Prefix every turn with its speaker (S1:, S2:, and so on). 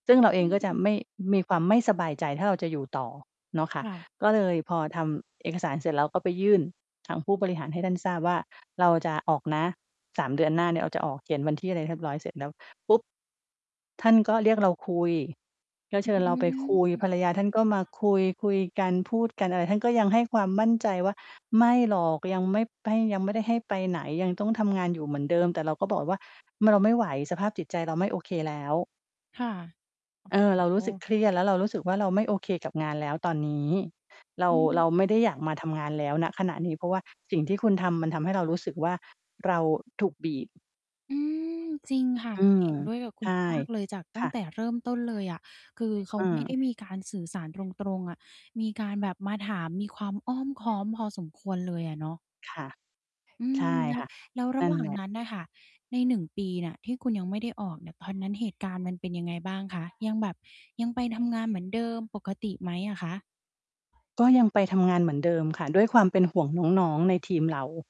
S1: ซึ่งเราเอ
S2: อ
S1: งก็จ
S2: ื
S1: ะ
S2: ม
S1: ไม่ มีความไม่สบายใจ ถ้าเราจะอยู่ต่อเนาะค่
S2: ค
S1: ะ
S2: ่ะ
S1: ก็เลยพอทำเอกสารเสร็จแล้ว ก็ไปยื่นทางผู้บริหารให้ท่านทราบว่า เราจะออกนะ 3 เดือนหน้าเนี่ย เราจะออก เขียนวันที่อะไรเรียบร้อยเสร็จแล้วปุ๊บ ท่านก็เรียกเราคุย ก็
S2: อ
S1: เชิญเรา
S2: ื้อ
S1: ไป
S2: ฮื
S1: คุย
S2: อ
S1: ภรรยาท่านก็มาคุย คุยกันพูดกันอะไร ท่านก็ยังให้ความมั่นใจว่า "ไม่หรอก ยังไม่ไป ยังไม่ได้ให้ไปไหน ยังต้องทำงานอยู่เหมือนเดิม" แต่เราก็บอกไปว่า "เราไม่ไหว สภาพจิตใจเราไม่โอเคแล้ว"
S2: ค่ะ
S1: เออ
S2: โอ
S1: "เร
S2: ้
S1: าร
S2: โ
S1: ู้สึก
S2: ฮ
S1: เครียด แล้วเรารู้สึกว่า เราไม่โอเคกับงานแล้วตอนนี้ เรา
S2: อื
S1: เรา
S2: อ
S1: ไม่ได้อยากมาทำงานแล้ว ณ ขณะนี้ เพราะว่า สิ่งที่คุณทำ มันทำให้เรารู้สึกว่า เราถูกบีบ"
S2: อืม จริงค่ะ
S1: อืม
S2: เห็นด้วยกับคุ
S1: ใช
S2: ณ
S1: ่
S2: มาก ๆ เลย จาก
S1: ค
S2: ตั้
S1: ่
S2: ง
S1: ะ
S2: แต่เริ่มต้นเลยอะ คือ เขา
S1: เ
S2: ไม่ได
S1: ออ
S2: ้มีการสื่อสารตรง ๆ อะ มีการแบบมาถาม มีความอ้อมค้อมพอสมควรเลยอะเนาะ
S1: ค่ะ
S2: อื
S1: ใช่
S2: ม แล้
S1: ค
S2: ว
S1: ่ะ
S2: แล้วร
S1: น
S2: ะ
S1: ั่
S2: หว
S1: น
S2: ่า
S1: แห
S2: ง
S1: ละ
S2: นั้นน่ะค่ะ ใน 1 ปีเนี่ย ที่คุณยังไม่ได้ออกเนี่ย ตอนนั้นเหตุการณ์มันเป็นยังไงบ้างคะ ยังแบบ ยังไป ทำงานเหมือนเดิมปกติไหมอะคะ?
S1: ก็ยังไปทำงานเหมือนเดิม ค่ะ ด้วยความเป็นห่วงน้อง ๆ ในทีมเรา